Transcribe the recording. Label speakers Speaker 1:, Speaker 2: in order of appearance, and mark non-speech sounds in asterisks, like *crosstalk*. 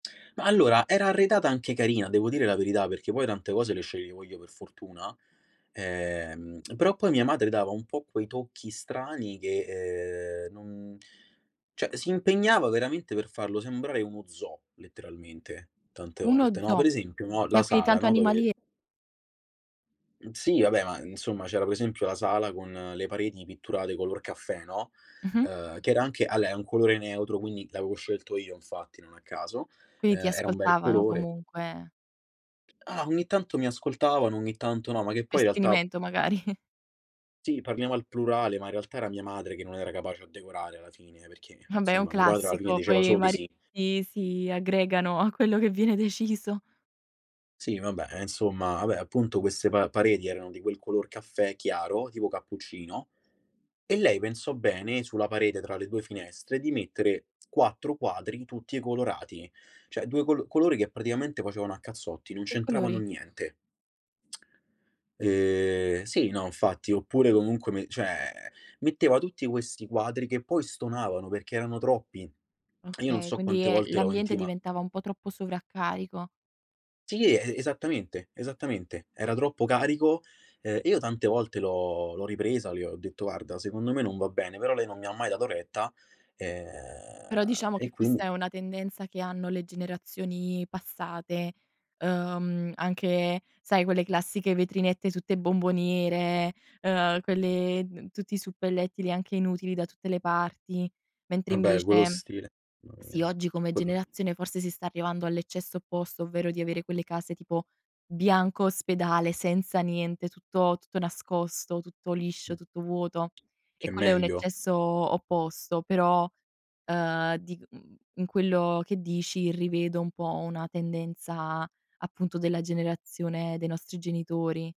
Speaker 1: Ma allora, era arredata anche carina, devo dire la verità, perché poi tante cose le sceglievo io per fortuna. Ehm, però poi mia madre dava un po' quei tocchi strani che, ehm, non cioè si impegnava veramente per farlo sembrare uno zoo, letteralmente, tante
Speaker 2: Uno
Speaker 1: volte, no,
Speaker 2: zoo.
Speaker 1: per esempio, no,
Speaker 2: Qua
Speaker 1: la
Speaker 2: qui
Speaker 1: sala,
Speaker 2: tanto
Speaker 1: no,
Speaker 2: animali
Speaker 1: dove
Speaker 2: e
Speaker 1: Sì, vabbè, ma insomma, c'era, per esempio, la sala con le pareti pitturate color caffè, no,
Speaker 2: Mh-mh.
Speaker 1: ehm, che era anche alè è un colore neutro, quindi l'avevo scelto io infatti, non a caso.
Speaker 2: Quindi ti
Speaker 1: Ehm, era un bel
Speaker 2: ascoltavano
Speaker 1: colore.
Speaker 2: comunque.
Speaker 1: Ah ogni tanto mi ascoltavano, ogni tanto no, ma che
Speaker 2: Per
Speaker 1: poi in realtà
Speaker 2: sfinimento magari.
Speaker 1: sì, parliamo al plurale, ma in realtà era mia madre che non era capace a decorare alla fine, perché,
Speaker 2: Vabbè è un
Speaker 1: insomma, mio padre alla fine
Speaker 2: classico,
Speaker 1: diceva
Speaker 2: poi i
Speaker 1: solo di sì.
Speaker 2: mariti si aggregano a quello che viene deciso.
Speaker 1: Sì, vabbè, eh, insomma, vabbè, appunto queste pa pareti erano di quel color caffè chiaro, tipo cappuccino, e lei pensò bene, sulla parete tra le 2 finestre, di mettere 4 quadri tutti colorati. Cioè, 2 col colori che praticamente facevano a cazzotti, non
Speaker 2: Che
Speaker 1: c'entravano
Speaker 2: colori?
Speaker 1: niente. *tsk* E sì, no, infatti, oppure comunque me cioè, metteva tutti questi quadri che poi stonavano, perché erano troppi. E io non
Speaker 2: Okay,
Speaker 1: so
Speaker 2: quindi,
Speaker 1: quante
Speaker 2: eh,
Speaker 1: volte l'ho
Speaker 2: l'ambiente
Speaker 1: intima
Speaker 2: diventava un po' troppo sovraccarico.
Speaker 1: Sì, e esattamente esattamente, era troppo carico. Ehm, io tante volte l'ho l'ho ripresa, le ho detto: "Guarda secondo me non va bene". Però lei non mi ha mai dato retta,
Speaker 2: Però,
Speaker 1: ehm,
Speaker 2: diciamo,
Speaker 1: e
Speaker 2: che questa
Speaker 1: quindi
Speaker 2: è una tendenza che hanno le generazioni passate, ehm, anche sai quelle classiche vetrinette tutte bomboniere, ehm, quelle d tutti i suppellettili anche inutili da tutte le parti. Mentre
Speaker 1: Vabbè quello
Speaker 2: invece
Speaker 1: stile mà
Speaker 2: sì,
Speaker 1: mia.
Speaker 2: oggi come
Speaker 1: Quello
Speaker 2: generazione forse si sta arrivando all'eccesso opposto, ovvero di avere quelle case, tipo bianco ospedale senza niente, tutto tutto nascosto, tutto
Speaker 1: Mh.
Speaker 2: liscio, tutto vuoto e
Speaker 1: Che è
Speaker 2: quello è un
Speaker 1: meglio?
Speaker 2: eccesso opposto. Però, ehm, di mhmm, in quello che dici rivedo un po' una tendenza, appunto, della generazione dei nostri genitori.